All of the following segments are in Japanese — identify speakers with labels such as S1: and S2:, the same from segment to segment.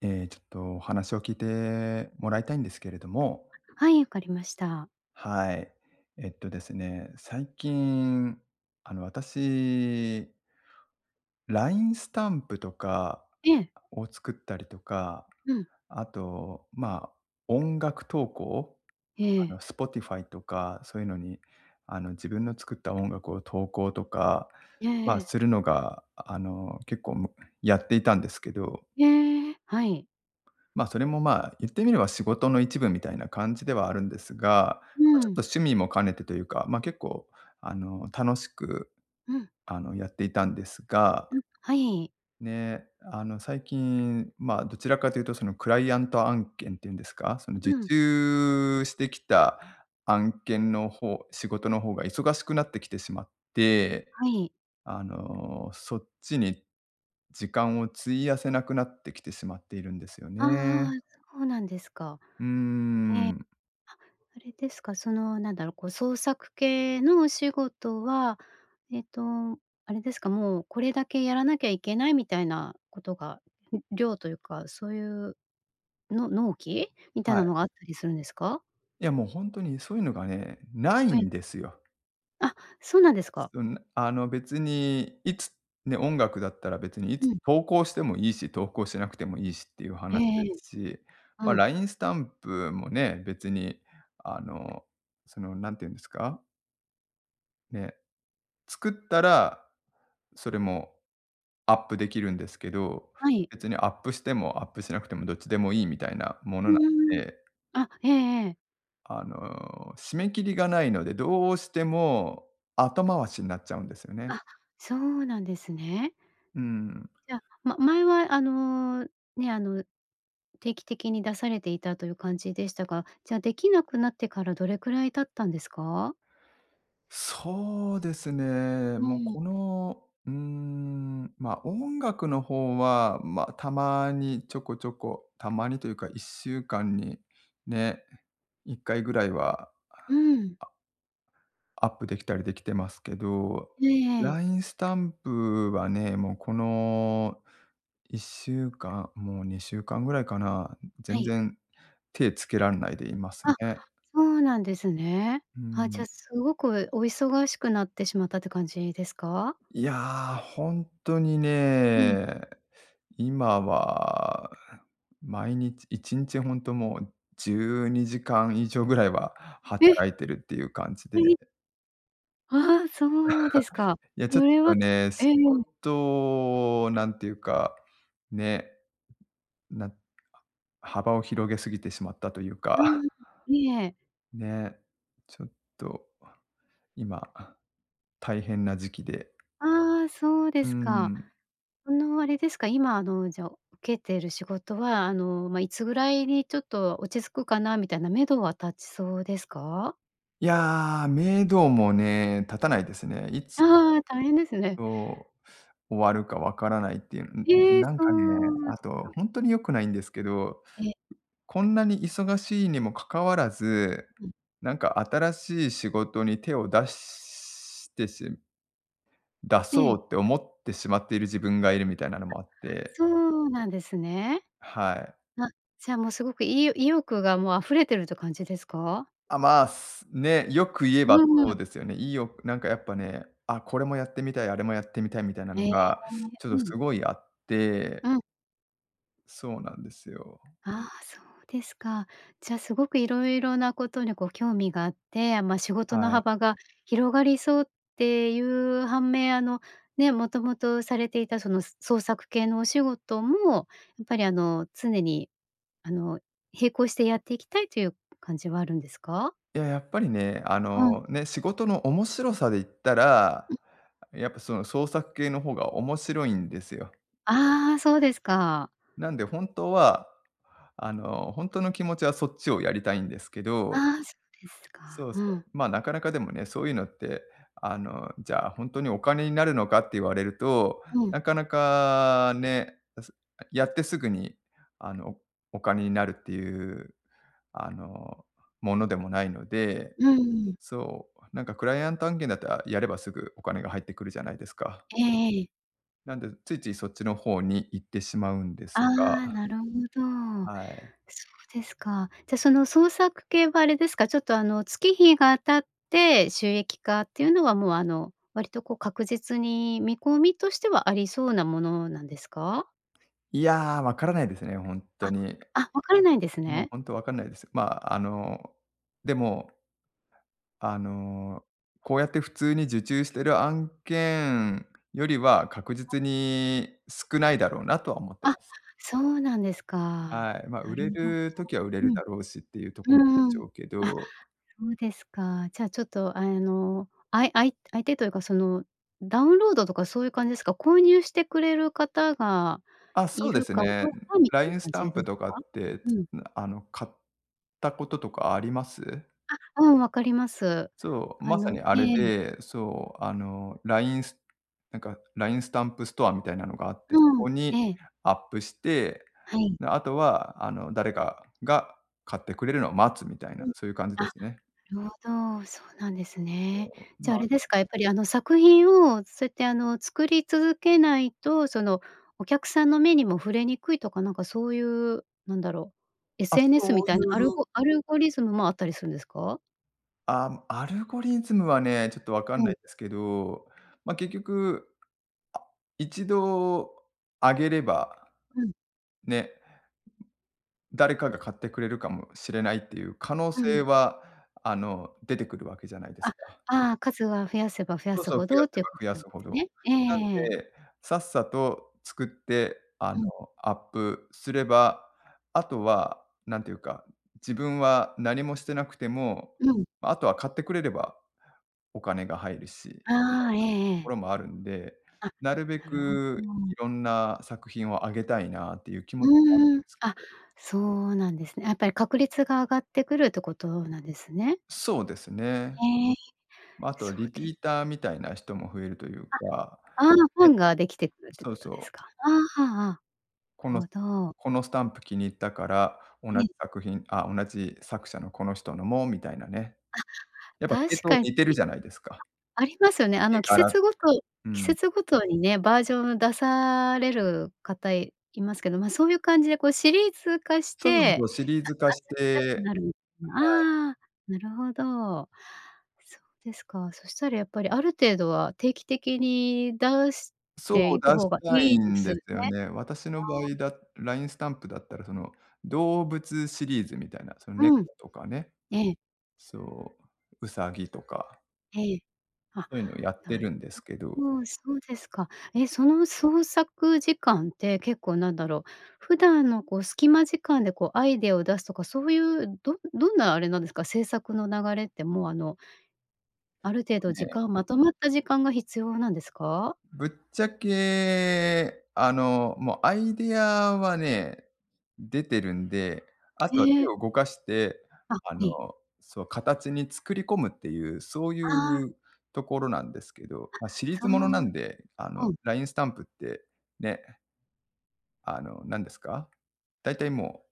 S1: ええ、ちょっとお話を聞いてもらいたいんですけれども。
S2: はい、わかりました。
S1: はい。えっとですね、最近、あの、私 LINE スタンプとか
S2: ええ。
S1: を作ったりとか、
S2: うん。
S1: あと、ま、音楽投稿
S2: え
S1: あ
S2: え。
S1: の、Spotify とかそういうのに、あの自分の作った音楽を投稿とか、
S2: えええ
S1: ま、
S2: え。
S1: するのが、あの結構、もやっていたんですけど
S2: へえ、はい。
S1: ま、それも、まあ、言ってみれば仕事の一部みたいな感じではあるんですが、ま、
S2: う
S1: ちょっと
S2: ん。
S1: 趣味も兼ねてというか、まあ、結構あの、楽しく、
S2: うん。
S1: あの、やっていたんですが、
S2: うん、はい。
S1: ね、あの、最近、ま、どちらかというとそのクライアント案件っていうんですか、その受
S2: うん。
S1: 注してきた案件の方仕事の方が忙しくなってきてしまって、
S2: はい。
S1: あの、そっちに時間を費やせなくなってきてしまっているんですよ
S2: あああ
S1: ね。
S2: あ、そうなんですか。
S1: うー
S2: ええ、
S1: ん。
S2: は、あれですか、その、なんだろう、こう、創作系のお仕事は、えっとあれですか、もう、これだけやらなきゃいけないみたいなことが、ん、量というか、そういう、の納期？みたい
S1: は
S2: な
S1: い。
S2: のがあったりすんですか？
S1: いや、もうほんとに、そういうのがね、ない
S2: はい。
S1: んですよ。
S2: あ、そうなんですか。
S1: うん、あの、別にいつ、ね、音楽だったら別にい
S2: う
S1: つ
S2: ん。
S1: 投稿してもいいし、投稿しなくてもいいしっていう
S2: ええ
S1: 話で
S2: ええ。
S1: すし。ま、
S2: うん。
S1: LINE スタンプもね、別にあの、その何て言うんですか？ね。作ったら、それもアップできるんですけど、
S2: はい。
S1: 別にアップしても、アップしなくても、どっちでもいいみたいなも
S2: ふ
S1: のなん
S2: ーん。
S1: で。
S2: あ、ええええ。
S1: あの、締め切りがないので、どうしても後回しになっちゃうんですよね。
S2: あ、そうなんですね。
S1: うーん。
S2: いや、ま前はあの、ね、あの、定期的に出されていたという感じでしたが、じゃあ、できなくなってから、どれくらい経ったんですか？
S1: そうですね。
S2: う
S1: もう
S2: ん。
S1: この、うーん、ま、音楽の方は、ま、たまにちょこちょこ、たまにというか、1週間に、ね、1回ぐらいは
S2: うん。
S1: アアップできたりできてますけど。
S2: ええええ。
S1: LINE スタンプはね、もうこの1週間、もう2週間ぐらいかな？
S2: は
S1: 全
S2: い。
S1: 然手つけらんないでいます
S2: あ、
S1: ね。
S2: ほうなんですね。
S1: うー
S2: あ、じ
S1: ん。
S2: ゃあ、すごこえ、お忙しくなってしまったって感じですか？
S1: いや、ほんとに
S2: うん。
S1: ね、今は毎日1日ほんともう、12時間以上ぐらいは、
S2: え！
S1: 働いてるっていう感じで。
S2: ええ！そうですか。
S1: いや
S2: そ
S1: ちょっ
S2: れ
S1: と
S2: は、
S1: ね、仕
S2: ええ。
S1: 事を、なんていうか、ね、なん、は幅を広げすぎてしまったという
S2: う
S1: か
S2: ん、ええ。
S1: ね、ちょっと今、大変な時期で
S2: ああ、そうで
S1: うー
S2: すか。
S1: ん。
S2: あの、あれですか、今あの、じゃ、受けてる仕事は、あの、まあ、いつぐらいにちょっと落ち着くかなみたいな目処は立ちそうですか？
S1: いやあ、目処もね立たないですね。いつ、
S2: ああ、大変ですね。
S1: お終わるかわからないっていう、んんん、
S2: ええ！
S1: なん
S2: そ
S1: かね、
S2: う、
S1: あ
S2: す
S1: と
S2: か。
S1: ほんとに良くないんですけど、
S2: ええ。
S1: こんなに忙しいにもかかわらず、
S2: うん。
S1: なんか新しい仕事に手を出してし出
S2: え
S1: そ
S2: え。
S1: うって思ってしまっている自分がいるみたいなの
S2: あ、
S1: もあって。
S2: そうなんですね。
S1: はい。
S2: あ、じゃあもうすごく、い意欲がもう溢れてるって感じですか？
S1: あ、まあ、すね、よく言えば
S2: う
S1: そ
S2: ん。
S1: うですよね。いいよなんかやっぱね、「あ、これもやってみたい、あれもやってみたい」みたいなの
S2: ええ、
S1: が、ちょっ
S2: う
S1: と
S2: ん。
S1: すごいあって
S2: うん。
S1: そうなんですよ。
S2: ああ、そうですか。じゃあ、すごく色々なことにこう興味があって、まあ、仕事の
S1: はい。
S2: 幅が広がりそうっていう反面、あの、ね、もともとされていたその、そ創作系のお仕事もやっぱりあの、常にあの、並行してやっていきたいという感じはあるんですか？
S1: いや、やっぱりね、あ
S2: うん。
S1: のね、仕事の面白さで言ったら、
S2: うん。
S1: やっぱその創作系の方が面白いんですよ。
S2: ああ、そうですか。
S1: なんで、本当は、あのほんとの気持ちはそっちをやりたいんですけど
S2: ああ、そ、ですか、
S1: そうそ
S2: う
S1: う、
S2: ん。
S1: まあ、なかなかでもね、そういうのって、あの、じゃあほんとにお金になるのかって言われると、
S2: うん。
S1: なかなかね、すあ、やってすぐにあの、お金になるっていう、あの、ものでもないので。
S2: うんうん。
S1: そう。なんかクライアント案件だったら、やればすぐお金が入ってくるじゃないですか。
S2: ええええ。
S1: なんで、ついついそっちのほうに行ってしまうんで
S2: あ
S1: す
S2: あ。
S1: が
S2: なるほど。
S1: はい。
S2: そうですか。じゃ、その、創作系はあれですか？ちょっと、あの、月日が経って収益化っていうのは、もうあの、割とこう確実に見込みとしてはありそうなものなんですか？
S1: いや、わからないですね、ほんっと
S2: あ、
S1: に。
S2: あ、分からないんです
S1: もう、
S2: ね。
S1: ほんとわかんないです。まあ、あの、でも、あの、こうやって普通に受注してる案件よりは確
S2: はい。
S1: 実に少ないだろうなとは思って
S2: あ、
S1: ます。
S2: そうなんですか、
S1: はい。ま、
S2: な
S1: 売れ
S2: るほど。
S1: る時は売れる
S2: うん。
S1: だろうしっていうとこなんで
S2: う
S1: ち
S2: ーん。
S1: ょうけ
S2: あ、
S1: ど
S2: そうですか。じゃあ、ちょっと、あの、あいあい相手というか、その、ダウンロードとかそういう感じですか？購入してくれる方が
S1: あ、そ
S2: い
S1: うで
S2: る
S1: す
S2: か
S1: ね。ん、
S2: どうかみたいな
S1: LINE
S2: 感
S1: スタ
S2: じ
S1: ン
S2: で
S1: プ
S2: す
S1: とか
S2: か？
S1: って、つ
S2: うん。
S1: なあの、買ったこととかあります？
S2: あ、うん。分かります。
S1: そう。
S2: あ
S1: まさ
S2: の
S1: にあれ
S2: ええ。
S1: で、そう。あの、LINE スなんか、LINE スタンプストアみたいなのがあって、そ
S2: うん。
S1: こに
S2: ええ。
S1: アップして。
S2: はい。
S1: の、あとは、あの、誰かが買ってくれるの待つみたいな
S2: うん。
S1: そういう感じ
S2: あ、
S1: ですね。
S2: なるほど、そうなんですね。
S1: そう、
S2: じゃあ、あ
S1: ま
S2: れですかやっぱり、あの、作品をそうやって、あの、作り続けないと、その、お客さんの目にも触れにくいとかなんかそういう、なんだろう。
S1: あ、
S2: SNS
S1: そ
S2: み
S1: う
S2: た
S1: い
S2: いなアル
S1: う
S2: ゴアルゴリズムもあったりすんですか？
S1: あ、アルゴリズムはね、ちょっとわかん
S2: う
S1: な
S2: ん。
S1: いですけど、ま結局、あ、1度上げれば
S2: うん。
S1: ね。誰かが買ってくれるかもしれないっていう可能
S2: う、うん。
S1: 性は、あの、出てくるわけじゃないで
S2: あ、
S1: すか。
S2: ああ、数は増やせば増や
S1: そう
S2: す
S1: そう、
S2: ほ
S1: 増や
S2: どっ
S1: せ
S2: ていう
S1: ば
S2: こと
S1: 増や
S2: なん
S1: す
S2: で
S1: ほ
S2: す
S1: ど。
S2: ね。ええ
S1: なん
S2: ええええ。
S1: で、さっさと作って、あ
S2: う
S1: の、
S2: ん。
S1: アップすれば、あとは何ていうか、自分は何もしてなくても、
S2: うん。
S1: あとは買ってくれれば、お金が入るしみたいなと
S2: ああ、えええ
S1: こ
S2: え。
S1: ろもあるんで、
S2: あ、
S1: なるべ
S2: なるほ
S1: く
S2: ど。
S1: いろんな作品を挙げたいなっていう気持ちはあるん
S2: うーん。
S1: ですけ
S2: あ、
S1: ど。
S2: そうなんですね。やっぱり確率が上がってくるってことなんですね。
S1: そうですね。
S2: ええ、
S1: ま、あと
S2: そ
S1: リ
S2: う
S1: ピ
S2: で
S1: ーターみたいな人も増えるという
S2: あ、
S1: か、
S2: ああ、ファ
S1: ね。
S2: ンができてくるって
S1: そ
S2: こ
S1: う
S2: と
S1: そ
S2: で
S1: う。
S2: すか。あ、あ、あ、
S1: この
S2: ほど。
S1: このスタンプ気に入ったから、同じ
S2: ええ。
S1: 作品、あ同じ作者のこの人のもみたいなね。
S2: あ、
S1: やっぱ系
S2: 確
S1: 統
S2: かに。
S1: 似てるじゃないですか。
S2: あ、ありますよね。あ
S1: 絵
S2: の季
S1: 柄
S2: 節ごと、
S1: う
S2: 季
S1: ん。
S2: 節ごとにね、バージョンを出される方いますけど、ま、そういう感じでこうシリーズ化し
S1: そろそ
S2: て、
S1: ろシリーズ化
S2: あ、
S1: し
S2: 集めたく
S1: て
S2: なる
S1: はい。
S2: ああ、なるほど。そうですか。そしたらやっぱりある程度は、定期的に出し
S1: そ
S2: て
S1: う、
S2: い
S1: 出
S2: く
S1: し
S2: 方が
S1: た
S2: い
S1: い
S2: いで
S1: ん
S2: す
S1: で
S2: ね。
S1: すよね。私の場
S2: あ
S1: 合
S2: あ。
S1: だラインスタンプだったらその、動物シリーズみたいな、その猫
S2: うん。
S1: とかね。
S2: ええ。
S1: そう、ウサギとか。
S2: ええ。あ、
S1: そういうのをやって
S2: なる
S1: るんですけど。
S2: ほど、そうですか。え、その創作時間って結構なんだろう、普段の、こう、隙間時間で、こう、アイデアを出すとか、そういう、どどんなあれなんですか？制作の流れって、もう、あのある程度時
S1: ね。
S2: 間まとまった時間が必要なんですか？
S1: ぶっちゃけ、あの、もうアイデアはね、出てるんで。あとは
S2: へ
S1: 手
S2: え。
S1: を動かして、
S2: あ、は
S1: あの、
S2: い。
S1: そう、形に作り込むっていう、そう
S2: あ
S1: い
S2: あ。
S1: うところなんですけど。
S2: あ、
S1: ま、シリー
S2: そ。
S1: ズものなんで。あの
S2: うん。
S1: ラインスタンプって、ね。あの、何ですか。だいたい、もう。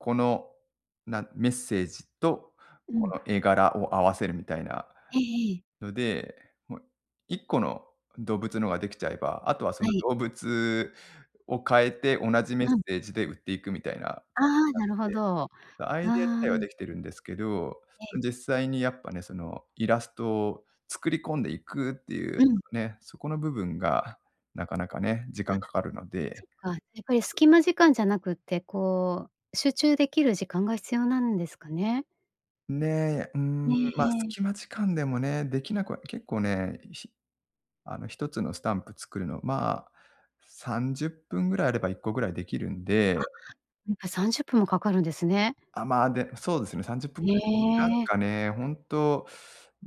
S1: この、なメッセージと、
S2: う
S1: こ
S2: ん。
S1: の絵柄を合わせるみたいな
S2: ええええ。
S1: ので。もう、1個の動物のができちゃえば、あとは、そ
S2: は
S1: の、
S2: い。
S1: 動物を変えて同じメッ
S2: うん。
S1: セージで売っていくみたいな感
S2: ああ、なる
S1: じ
S2: ほ
S1: に
S2: ど。あ
S1: なって、アイデア自
S2: あ。
S1: 体はできてるんですけど、
S2: ええ。
S1: 実際にやっぱね、そのイラストを作り込んでいくっていう
S2: うん。
S1: ね、そこの部分がなかなかね、時
S2: わ、
S1: 間かかるので。
S2: そっか。やっぱり隙間時間じゃなくって、こう集中できる時間が必要なんですかね。
S1: ね。う
S2: え
S1: ん、
S2: え
S1: ま、
S2: ええ。
S1: 隙間時間でもね、できなくは結構ね、ひあの、1つのスタンプ作るの、まあ、30分ぐらいあれば1個ぐらいできるんで。
S2: あっ、やっぱ30分もかかるんですね。
S1: あっ、まあ、でそうですね、30分ぐ
S2: い
S1: らい。なん
S2: え。
S1: かね、本当、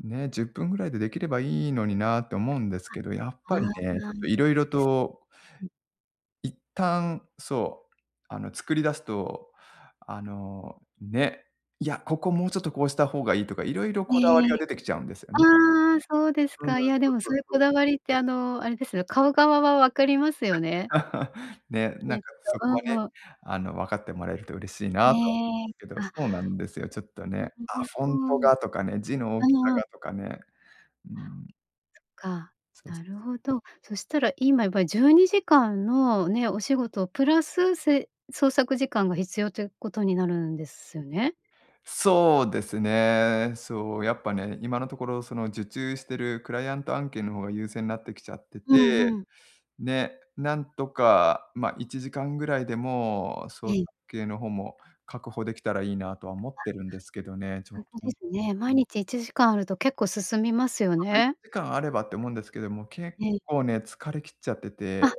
S1: ね、10分ぐらいでできればいいのになあって思うんですけど、やっ
S2: あっ、
S1: ぱりね、ちょっと
S2: [unintelligible]
S1: 色々
S2: です。
S1: と
S2: うん。
S1: 一旦、そう、あの、作り出すと、あの、ね。いや、ここもうちょっとこうした方がいいとか、いろいろ
S2: え
S1: こだわりが
S2: え。
S1: 出てきちゃうんですよね。
S2: ああ、そうです
S1: うん。そ
S2: か。いや、で
S1: う
S2: も、
S1: そう
S2: そういう
S1: そ
S2: こ
S1: う。
S2: だわりって、あの、あれですよ、買う側は分かりますよね。
S1: ね、な
S2: き
S1: ん
S2: っ
S1: か、
S2: と。
S1: そ
S2: う
S1: こはね、
S2: んうん。
S1: あの、分かってもらえると嬉しいなあ
S2: ね
S1: と
S2: え。
S1: けど。そ
S2: あ。
S1: うなんですよ。ちょっと
S2: な
S1: ね。
S2: るほ
S1: あ、フォ
S2: ど。う
S1: ン
S2: ん
S1: トがとかね、字の大きさ
S2: うん。
S1: がとかね。うーん。
S2: そっか。
S1: そうそ
S2: な
S1: う。
S2: るほど。そしたら今やっぱり12時間の、ね、お仕事プラスせ創作時間が必要ということになるんですね？
S1: そうですね。そう、やっぱね、今のところ、その、受注してるクライアント案件の方が優先なってきちゃって
S2: うん
S1: て。
S2: うん。
S1: ね。なんとか、ま、1時間ぐらいでも、創
S2: ええ。
S1: 作系の方も確保できたらいいなとは思
S2: あ、
S1: ってるんですけどね、ちょっ
S2: 本当
S1: と
S2: で
S1: [unintelligible]
S2: すね。毎日1時間あると結構進みますよ
S1: あといち
S2: ね。
S1: じかんあればって思うんですけども、結
S2: ええ。
S1: 構ね、疲れ切っちゃってて。
S2: あ、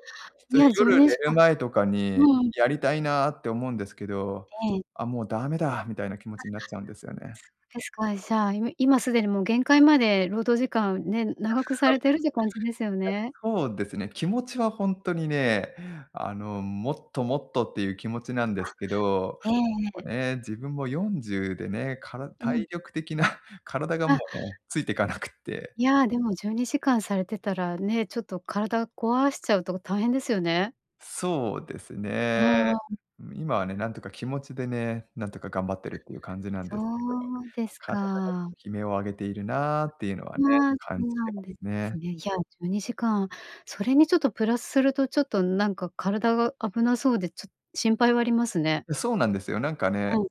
S2: いや、じゅう
S1: 夜
S2: に
S1: 寝
S2: じか
S1: る前とかに、
S2: うん。
S1: やりたいなって思うんですけど、
S2: ええ。
S1: 「あ、もうダメだ」みたいな気持
S2: あ
S1: ち
S2: っ、
S1: になっちゃうんですよね。
S2: そうですか、いじゃあ、い今すでにもう限界まで労働時間ね、
S1: え、
S2: 長くされてるって感じですよね。
S1: そうですね。気持ちはほんとにね、あの、もっと、もっとっていう気持ちなんで
S2: あ
S1: す
S2: っ、
S1: けど。
S2: ええええ。
S1: もね、自分も40でね、から
S2: うん。
S1: 体力的な 体がも
S2: あ。
S1: う、ついてかなくって。
S2: いや、でも12時間されてたらね、ちょっと体壊しちゃうと大変ですよね。
S1: そうです
S2: あ
S1: ね。
S2: あ。
S1: 今はね、なんとか気持ちでね、なんとか頑張ってるっていう感じなん
S2: あ、
S1: ですけど。
S2: そうです
S1: 体がちょ
S2: か。
S1: っと悲鳴を上げているなあっていうのはね、
S2: まあ、
S1: 感
S2: そう
S1: じ
S2: な
S1: て
S2: ん
S1: ます
S2: です
S1: ね。
S2: ね。いや12時間。それにちょっとプラスすると、ちょっとなんか体が危なそうでちょっ心配はありますね。
S1: え、そうなんですよ。なんかね、
S2: うん。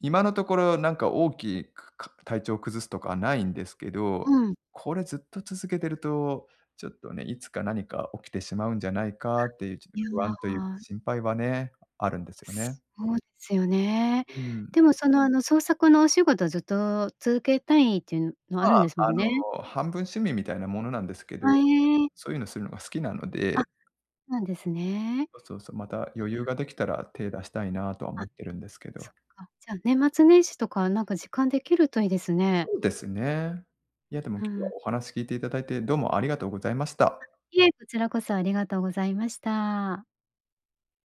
S1: 今のところ、なんか、大きいくか体調を崩すとかはないんですけ
S2: う
S1: ど。
S2: ん。
S1: これずっと続けてると、ちょっとね、いつか何か起きてしまうんじゃない
S2: あ、
S1: かっていうちょっと
S2: ニュー
S1: 不安というか
S2: アワー。
S1: 心配はね、あるんですよね。
S2: すそうですよね。
S1: うーん。
S2: でも、その、あの、創作のお仕事ずっと続けたいっていうも、あ
S1: ま
S2: るんで
S1: あ、
S2: すも
S1: あ
S2: ん
S1: の、
S2: ね。
S1: 半分趣味みたいなものなんですけど、や
S2: あ、
S1: っ
S2: へ
S1: ぱ、
S2: え。
S1: そういうのするのが好きなの
S2: あっ、
S1: で。
S2: そうなんですね。
S1: そうそうそう。また
S2: い
S1: 余
S2: や
S1: 裕ができたら手出したいなとは
S2: あ
S1: 思
S2: っ、
S1: ってるんですけ
S2: そ
S1: ど。
S2: っか。じゃあ年末年始とか、なんか時間できるといいですね。
S1: そうですね。いや、でも、今
S2: ふー
S1: 日は
S2: ん。
S1: お話聞いていただいて、どうもありがとうございまし
S2: あ、
S1: た。
S2: いえ、こちらこそありがとうございました。